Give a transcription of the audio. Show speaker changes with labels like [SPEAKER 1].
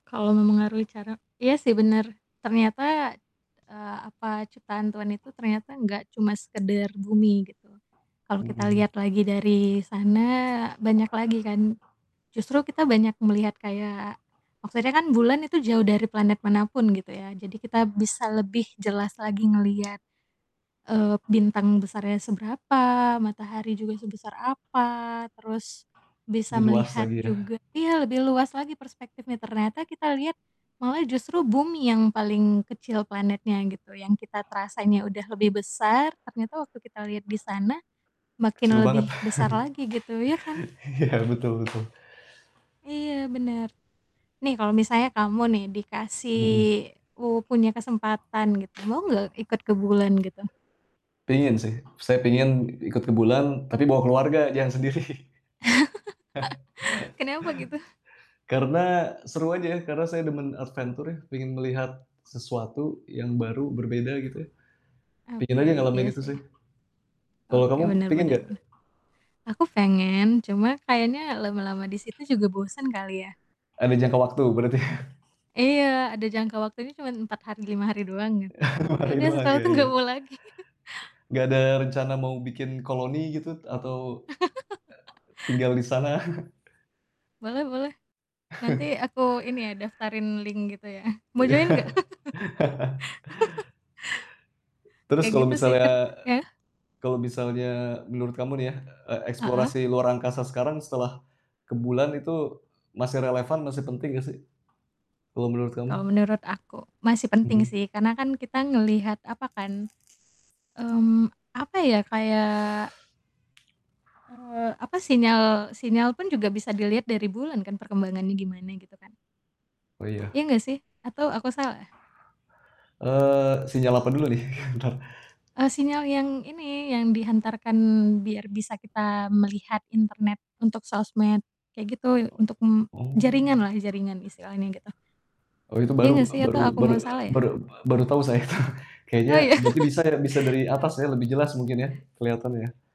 [SPEAKER 1] Kalau mempengaruhi cara iya sih bener, ternyata, eee, apa, ciptaan Tuhan itu ternyata enggak cuma sekedar bumi, gitu. Kalau kita
[SPEAKER 2] Mhm.
[SPEAKER 1] lihat lagi dari sana, banyak lagi ka. Justru kita banyak melihat kayak maksudnya kan bulan itu jauh dari planet manapun gitu ya, jadi kita bisa lebih jelas lagi ngelihat, eee, bintang besarnya seberapa, matahari juga sebesar apa, terus bisa
[SPEAKER 2] /Lebih luas
[SPEAKER 1] melihat
[SPEAKER 2] lagi yah?
[SPEAKER 1] juga iya, lebih luas lagi perspektifnya. Ternyata kita lihat malah justru bumi yang paling kecil planetnya gitu, yang kita terasanya udah lebih besar, ternyata waktu kita lihat di sana
[SPEAKER 2] Kecil
[SPEAKER 1] makin
[SPEAKER 2] banget.
[SPEAKER 1] lebih besar lagi gitu, ya kan?
[SPEAKER 2] Iya, betul betul.
[SPEAKER 1] Iya bener. Nih, kalau misalnya kamu nih dikasih
[SPEAKER 2] Mhm.
[SPEAKER 1] u punya kesempatan gitu, mau nggak ikut ke bulan, gitu?
[SPEAKER 2] Pengin sih. Saya pengin ikut ke bulan, tapi bawa keluarga jangan sendiri.
[SPEAKER 1] Kenapa gitu?
[SPEAKER 2] Karena seru aja, karena saya demen adventure ya. Pengin melihat sesuatu yang baru, berbeda gitu ya. Pengin aja
[SPEAKER 1] Oke,
[SPEAKER 2] ngalamin
[SPEAKER 1] iya
[SPEAKER 2] itu
[SPEAKER 1] sih.
[SPEAKER 2] sih. Kalau
[SPEAKER 1] Oke,
[SPEAKER 2] kamu
[SPEAKER 1] bener
[SPEAKER 2] pengin
[SPEAKER 1] bener
[SPEAKER 2] nggak?
[SPEAKER 1] bener. Aku pengen cuma kayaknya lama-lama di situ juga bosen kali ya.
[SPEAKER 2] Ada jangka waktu berarti?
[SPEAKER 1] Iya, ada jangka waktunya cuma 4 hari, 5 hari doang, gitu.
[SPEAKER 2] Lima
[SPEAKER 1] Ya
[SPEAKER 2] hari
[SPEAKER 1] udah
[SPEAKER 2] doang,
[SPEAKER 1] setelah
[SPEAKER 2] iya
[SPEAKER 1] itu
[SPEAKER 2] iya.
[SPEAKER 1] gak mau lagi.
[SPEAKER 2] Nggak ada rencana mau bikin koloni, gitu, atau e tinggal di sana.
[SPEAKER 1] Boleh-boleh. Nanti aku ini ya daftarin link gitu ya. Mau join nggak?
[SPEAKER 2] Iya. Terus
[SPEAKER 1] Kayak
[SPEAKER 2] kalau
[SPEAKER 1] gitu sih
[SPEAKER 2] misalnya
[SPEAKER 1] kan ya?
[SPEAKER 2] kalau misalnya menurut kamu nih ya, e
[SPEAKER 1] Heeh?
[SPEAKER 2] eksplorasi luar angkasa sekarang setelah ke bulan itu masih relevan, masih penting nggak sih? Kalau menurut kamu?
[SPEAKER 1] Kalau menurut aku, masih penting
[SPEAKER 2] Mhm.
[SPEAKER 1] sih, karena kan kita ngelihat apa kan, mmm, apa ya, kayak eee, apa sinyal sinyal pun juga bisa dilihat dari bulan kan, perkembangannya gimana, gitu kan?
[SPEAKER 2] Oh, iya.
[SPEAKER 1] Iya, nggak sih? Atau aku salah?
[SPEAKER 2] Eee, sinyal apa dulu nih, entar
[SPEAKER 1] Eee, sinyal yang ini, yang dihantarkan biar bisa kita melihat internet untuk sosmed kayak
[SPEAKER 2] Ek
[SPEAKER 1] gitu, untuk, mmm,
[SPEAKER 2] Oh.
[SPEAKER 1] jaringanlah jaringan istilahnya, gitu.
[SPEAKER 2] Oh, itu
[SPEAKER 1] Iya
[SPEAKER 2] baru
[SPEAKER 1] nggak sih,
[SPEAKER 2] baru
[SPEAKER 1] atau aku
[SPEAKER 2] bar
[SPEAKER 1] malah
[SPEAKER 2] ek
[SPEAKER 1] salah ya?
[SPEAKER 2] bar ek baru tau saya tuh.
[SPEAKER 1] Oh,
[SPEAKER 2] Kayaknya
[SPEAKER 1] iya?
[SPEAKER 2] berarti bisa ya, bisa dari atas
[SPEAKER 1] Ah.
[SPEAKER 2] ya, lebih jelas mungkin ya, keliatan ya?